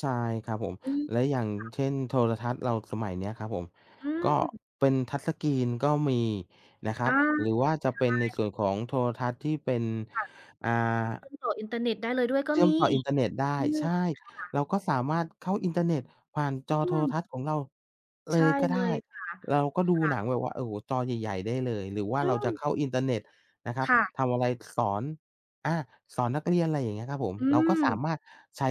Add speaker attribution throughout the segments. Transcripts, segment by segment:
Speaker 1: ใช่ครับผม
Speaker 2: อืม
Speaker 1: แล้วอย่าง
Speaker 2: ค่ะ
Speaker 1: เช่น โทรทัศน์เราสมัยนี้ครับผม
Speaker 2: อื
Speaker 1: ก็
Speaker 2: อ
Speaker 1: เป็น Touch Screen ก็มีนะครั
Speaker 2: อ
Speaker 1: บ
Speaker 2: า
Speaker 1: หรือ
Speaker 2: ใช
Speaker 1: ว่าจะเป็นใน
Speaker 2: ่
Speaker 1: ส่วนของโทรทัศน์ที่เป็น
Speaker 2: ค่ะ
Speaker 1: อ่า
Speaker 2: เชื่อมต่ออินเทอร์เน็ตได้เลยด้วยก็
Speaker 1: เชื่
Speaker 2: ม
Speaker 1: อม
Speaker 2: ี
Speaker 1: ต่ออินเทอร์เน็ตได้
Speaker 2: อือ
Speaker 1: ใช่
Speaker 2: ค่ะ
Speaker 1: เราก็สามารถเข้าอินเทอร์เน็ตผ่าน
Speaker 2: อ
Speaker 1: จอ
Speaker 2: ื
Speaker 1: โทร
Speaker 2: ม
Speaker 1: ทัศน์ของเราเ
Speaker 2: ใช
Speaker 1: ล
Speaker 2: ่
Speaker 1: ยก็
Speaker 2: เล
Speaker 1: ได้
Speaker 2: ยค่ะ
Speaker 1: เราก็ดู
Speaker 2: ค่
Speaker 1: ห
Speaker 2: ะ
Speaker 1: นังแบบว่า โอ้โฮ จอใหญ่ ๆ ได้เลย หรือว่า
Speaker 2: อื
Speaker 1: เราจะ
Speaker 2: ม
Speaker 1: เข้าอินเทอร์เน็ตนะครั
Speaker 2: ค
Speaker 1: บ
Speaker 2: ่ะ
Speaker 1: ทำอะไรสอน อา สอนนักเรียน อะไรอย่างนี้ครับผม
Speaker 2: อื
Speaker 1: เราก็สา
Speaker 2: ม
Speaker 1: มารถใช้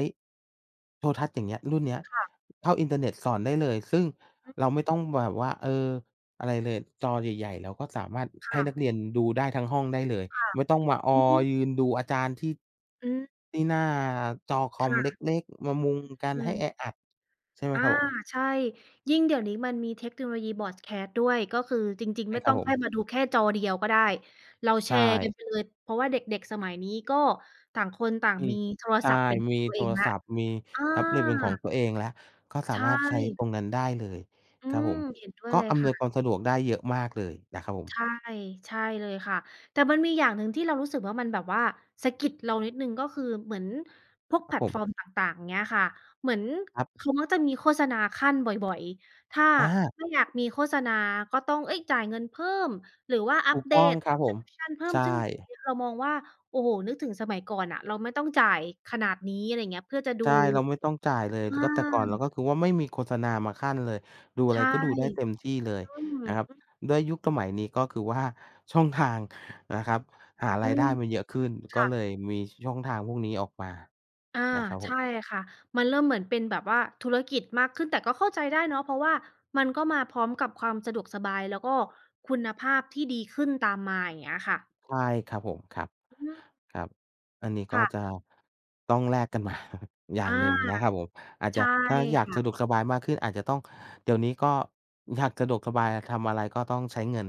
Speaker 1: โทรทัศน์ อย่างเงี้ย รุ่นเนี้ย
Speaker 2: ค่ะ
Speaker 1: เข้าอินเทอร์เน็ตสอนได้เลย ซึ่ง
Speaker 2: อือ
Speaker 1: เราไม่ต้องมาแบบว่า เออ อะไรเลย จอใหญ่ ๆ เราก็สามารถ
Speaker 2: ค
Speaker 1: ให้
Speaker 2: ่
Speaker 1: นัก
Speaker 2: ะ
Speaker 1: เรียนดูได้ทั้งห้องได้เลย
Speaker 2: ค่ะ
Speaker 1: ไม่ต้องมาอ
Speaker 2: อื
Speaker 1: อ
Speaker 2: อ
Speaker 1: ยืนดูอาจารย์ที่
Speaker 2: อือ
Speaker 1: ที่หน้าจอค
Speaker 2: ค
Speaker 1: อม
Speaker 2: ่ะ
Speaker 1: เล็ก ๆ มามุงกัน
Speaker 2: อื
Speaker 1: ให้
Speaker 2: ม
Speaker 1: แออัด ใช่ไหม
Speaker 2: อา
Speaker 1: ครับผม
Speaker 2: ใช่ ยิ่งเดี๋ยวนี้มันมีเทคโนโลยี Broadcast ด้วย ก็คือจริง
Speaker 1: ใช
Speaker 2: ๆ
Speaker 1: ่
Speaker 2: ไม่
Speaker 1: คร
Speaker 2: ต้
Speaker 1: ับ
Speaker 2: อง
Speaker 1: ผ
Speaker 2: ค่อ
Speaker 1: ม
Speaker 2: ยมาดูแค่จอเดียวก็ได้ เรา
Speaker 1: ใ
Speaker 2: แช
Speaker 1: ช
Speaker 2: ร์กัน
Speaker 1: ่
Speaker 2: ไปเลย เพราะว่าเด็ก ๆ สมัยนี้ก็ต่างคนต่าง
Speaker 1: มี
Speaker 2: มีโทร
Speaker 1: ใช่
Speaker 2: ศัพท์เป็นข
Speaker 1: ม
Speaker 2: อง
Speaker 1: ี
Speaker 2: ตัว
Speaker 1: โ
Speaker 2: เอ
Speaker 1: ท
Speaker 2: ง
Speaker 1: ร
Speaker 2: แล้ว
Speaker 1: ศัพท์ มี
Speaker 2: อ
Speaker 1: แท็บเล็ตเป็นของ
Speaker 2: า
Speaker 1: ตัวเองแล้ว ก็ส
Speaker 2: ใช
Speaker 1: ามารถใช้
Speaker 2: ่
Speaker 1: ตรงนั้นได้เลย
Speaker 2: อื
Speaker 1: ครับผ
Speaker 2: ม
Speaker 1: ม
Speaker 2: เห็นด้วย
Speaker 1: ก็
Speaker 2: เลย
Speaker 1: อ
Speaker 2: ค
Speaker 1: ำน
Speaker 2: ่
Speaker 1: ว
Speaker 2: ะ
Speaker 1: ยความ
Speaker 2: ซึ
Speaker 1: ส
Speaker 2: ่ง
Speaker 1: ะดวกได้เยอะมากเลยนะครับผ
Speaker 2: ใ
Speaker 1: ม
Speaker 2: ช่ ใช่เลยค่ะ แต่มันมีอย่างหนึ่งที่เรารู้สึกว่ามันแบบว่าสะกิดเรานิดหนึ่ง ก็คือเหมือนพวก
Speaker 1: ค
Speaker 2: แ
Speaker 1: ร
Speaker 2: พ
Speaker 1: ับ
Speaker 2: ล
Speaker 1: ผ
Speaker 2: ต
Speaker 1: ม
Speaker 2: ฟอร์มต่าง ๆ เงี้ยค่ะ เหมือน
Speaker 1: ครับ
Speaker 2: เขาก็จะมีโฆษณาคั่นบ่อย ๆ ถ้า
Speaker 1: อา
Speaker 2: ไม่อยากมีโฆษณา ก็ต้อง เอ๊ย จ่ายเงินเพิ่ม หรือว่าอ
Speaker 1: ถ
Speaker 2: ั
Speaker 1: ู
Speaker 2: ป
Speaker 1: ก
Speaker 2: เด
Speaker 1: ต้อง
Speaker 2: ต
Speaker 1: ครับผม
Speaker 2: Subscription เพิ่
Speaker 1: ใ
Speaker 2: ม
Speaker 1: ช
Speaker 2: ซึ่งตรง
Speaker 1: ่
Speaker 2: นี้เรามองว่า โอ้โฮ นึกถึงสมัยก่อนอะ เราไม่ต้องจ่ายขนาดนี้ อะไรอย่างเงี้ย เพื่อจะด
Speaker 1: ใช
Speaker 2: ู
Speaker 1: ่ เราไม่ต้องจ่ายเลย
Speaker 2: อา
Speaker 1: ร ก็แต่ก่อนเรา ก็คือว่าไม่มีโฆษณามาคั่นเลย ดูอ
Speaker 2: ใ
Speaker 1: ะ
Speaker 2: ช
Speaker 1: ไร
Speaker 2: ่
Speaker 1: ก็ดูได้เต็มที่เลย
Speaker 2: อืม
Speaker 1: นะครับ
Speaker 2: อือ
Speaker 1: ด้วยยุคสมัยนี้ ก็คือว่าช่องทางนะครับหา
Speaker 2: อ
Speaker 1: ร
Speaker 2: ื
Speaker 1: ายได
Speaker 2: ม
Speaker 1: ้มันเยอะขึ้น
Speaker 2: ค
Speaker 1: ก็
Speaker 2: ่
Speaker 1: เล
Speaker 2: ะ
Speaker 1: ยมีช่องทางพวกนี้ออกมา
Speaker 2: อา
Speaker 1: นะครับ
Speaker 2: ใ
Speaker 1: ผ
Speaker 2: ช
Speaker 1: ม
Speaker 2: ่ค่ะ มันเริ่มเหมือนเป็นแบบว่าธุรกิจมากขึ้น แต่ก็เข้าใจได้เนาะ เพราะว่ามันก็มาพร้อมกับความสะดวกสบาย แล้วก็คุณภาพที่ดีขึ้นตามมา อย่างเงี้ยค่ะ
Speaker 1: ใช่ครับผม ครับ
Speaker 2: อืม
Speaker 1: ครับ อันนี้ก
Speaker 2: ค
Speaker 1: ็
Speaker 2: ่
Speaker 1: จะ
Speaker 2: ะ
Speaker 1: ต้องแลก กันมา อย่า
Speaker 2: อ
Speaker 1: ง
Speaker 2: า
Speaker 1: หนึ่งนะครับผม อาจ
Speaker 2: ใช
Speaker 1: จะ
Speaker 2: ่
Speaker 1: ถ้าอยา
Speaker 2: ค
Speaker 1: ก
Speaker 2: ่
Speaker 1: สะ
Speaker 2: ะ
Speaker 1: ดวกสบายมากขึ้น อาจจะต้อง เดี๋ยวนี้ก็อยากสะดวกสบาย ทำอะไรก็ต้องใช้เงิน